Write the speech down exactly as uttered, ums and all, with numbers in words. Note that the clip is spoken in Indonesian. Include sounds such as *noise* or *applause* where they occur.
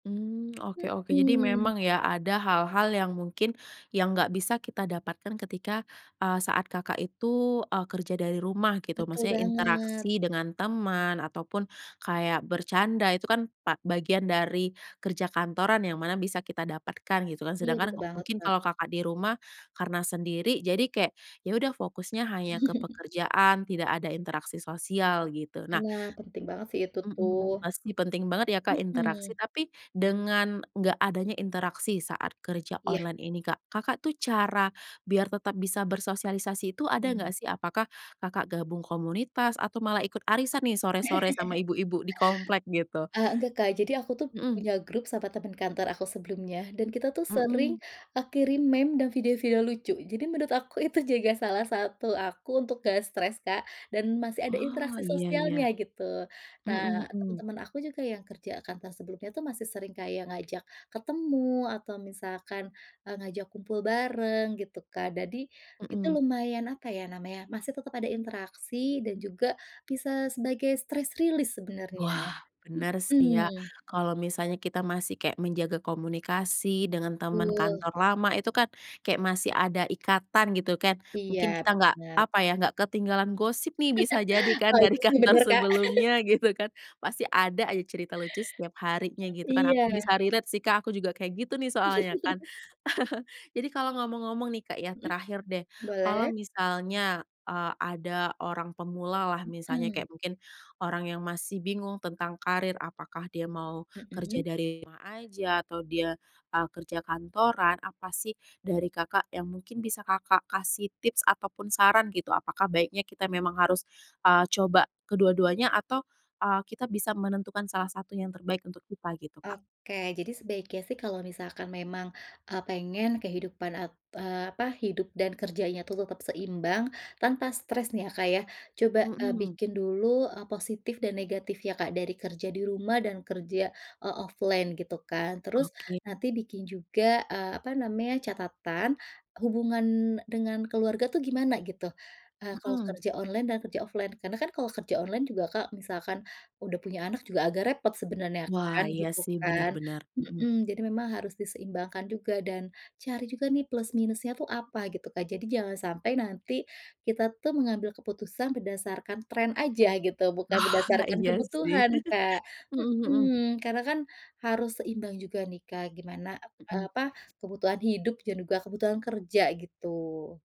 Mmm, oke oke, jadi Mhm. memang ya, ada hal-hal yang mungkin yang nggak bisa kita dapatkan ketika, eee, saat Kakak itu, eee, kerja dari rumah, gitu. Betul Maksudnya banget. interaksi dengan teman, ataupun kayak bercanda, itu kan pa bagian dari kerja kantoran yang mana bisa kita dapatkan, gitu kan. Iya, betul Sedangkan banget, mungkin Kak. kalau Kakak di rumah, karena sendiri, jadi kayak, ya udah, fokusnya hanya ke *chuckles* pekerjaan, tidak ada interaksi sosial, gitu. Nah Nah, penting banget sih itu mhm mhm, tuh. pasti penting banget ya, Kak, interaksi. Mhm. Tapi dengan nggak adanya interaksi saat kerja Iya. online ini, Kak, Kakak tuh cara biar tetap bisa bersosialisasi itu ada Hmm. nggak sih? Apakah Kakak gabung komunitas atau malah ikut arisan nih, sore-sore sama ibu-ibu di komplek, *laughs* gitu? Eee, enggak, Kak, jadi aku tuh Mhm. punya grup sama temen kantor aku sebelumnya dan kita tuh sering, Mhm. eee, kirim meme dan video-video lucu, jadi menurut aku itu juga salah satu aku untuk nggak stres, Kak. Dan masih ada Oh, interaksi iya iya. sosialnya, gitu. Mhm Nah, mhm. temen-temen aku juga yang kerja kantoran sebelumnya tuh masih sering kayak ngajak ketemu atau misalkan, eee, ngajak kumpul bareng, gitu, Kak. dadi itu Mhm. lumayan, apa ya namanya, masih tetep ada interaksi dan juga bisa sebagai stress release sebenarnya. Wah, bener sih ya, Mhm. kalau misalnya kita masih kayak menjaga komunikasi dengan teman Betul. kantor lama, itu kan kayak masih ada ikatan, gitu kan. Mungkin Iya, kita nggak, bener. apa ya, nggak ketinggalan gosip nih, bisa jadi *laughs* kan Oh, dari itu sih kantor bener, Kak. *laughs* sebelumnya, gitu kan, pasti ada aja cerita lucu setiap harinya, gitu E kan. iya. Aku bisa relate sih, Kak, aku juga kayak gitu nih, soalnya kan. *laughs* *chuckles* Jadi kalau ngomong-ngomong nih, Kak, ya, Mhm, terakhir deh, kalau boleh. misalnya, eee, ada orang pemula lah misalnya, Heeh. kayak mungkin orang yang masih bingung tentang karir, apakah dia mau kerja Mhm. dari rumah aja atau dia, eee, kerja kantoran. Apa sih dari Kakak yang mungkin bisa Kakak kasih tips ataupun saran, gitu? Apakah baiknya kita memang harus, eee, coba kedua-duanya? Atau, eee, kita bisa menentukan salah satu yang terbaik untuk kita, gitu, Kak? Oke, jadi sebaiknya sih kalau misalkan memang, eee, pengen kehidupan, eee, apa, hidup dan kerjanya tuh tetap seimbang tanpa stres nih, ya, Kak, ya, coba, eee, Mhm. bikin dulu, eee, positif dan negatifnya, Kak, dari kerja di rumah dan kerja, eee, offline, gitu kan. Terus Oke. nanti bikin juga, eee, apa namanya, catatan hubungan dengan keluarga tuh gimana, gitu, eee, kalau Mhm. kerja online dan kerja offline. Karena kan kalau kerja online juga, Kak, kalau misalkan udah punya anak, juga agak repot sebenarnya, Wah, kan, iya, gitu sih, benar kan. benar. Mhm. Mhm, jadi memang harus diseimbangkan juga dan cari juga nih, plus minusnya tuh apa, gitu, Kak. Jadi jangan sampai nanti kita tuh mengambil keputusan berdasarkan tren aja, gitu, bukan Oh, berdasarkan iya, sih. kebutuhan, Kak. *chuckles* Mhm, mhm. Mhm, karena kan harus seimbang juga nih, Kak, gimana, eee, Mhm. apa, kebutuhan hidup dan juga kebutuhan kerja, gitu.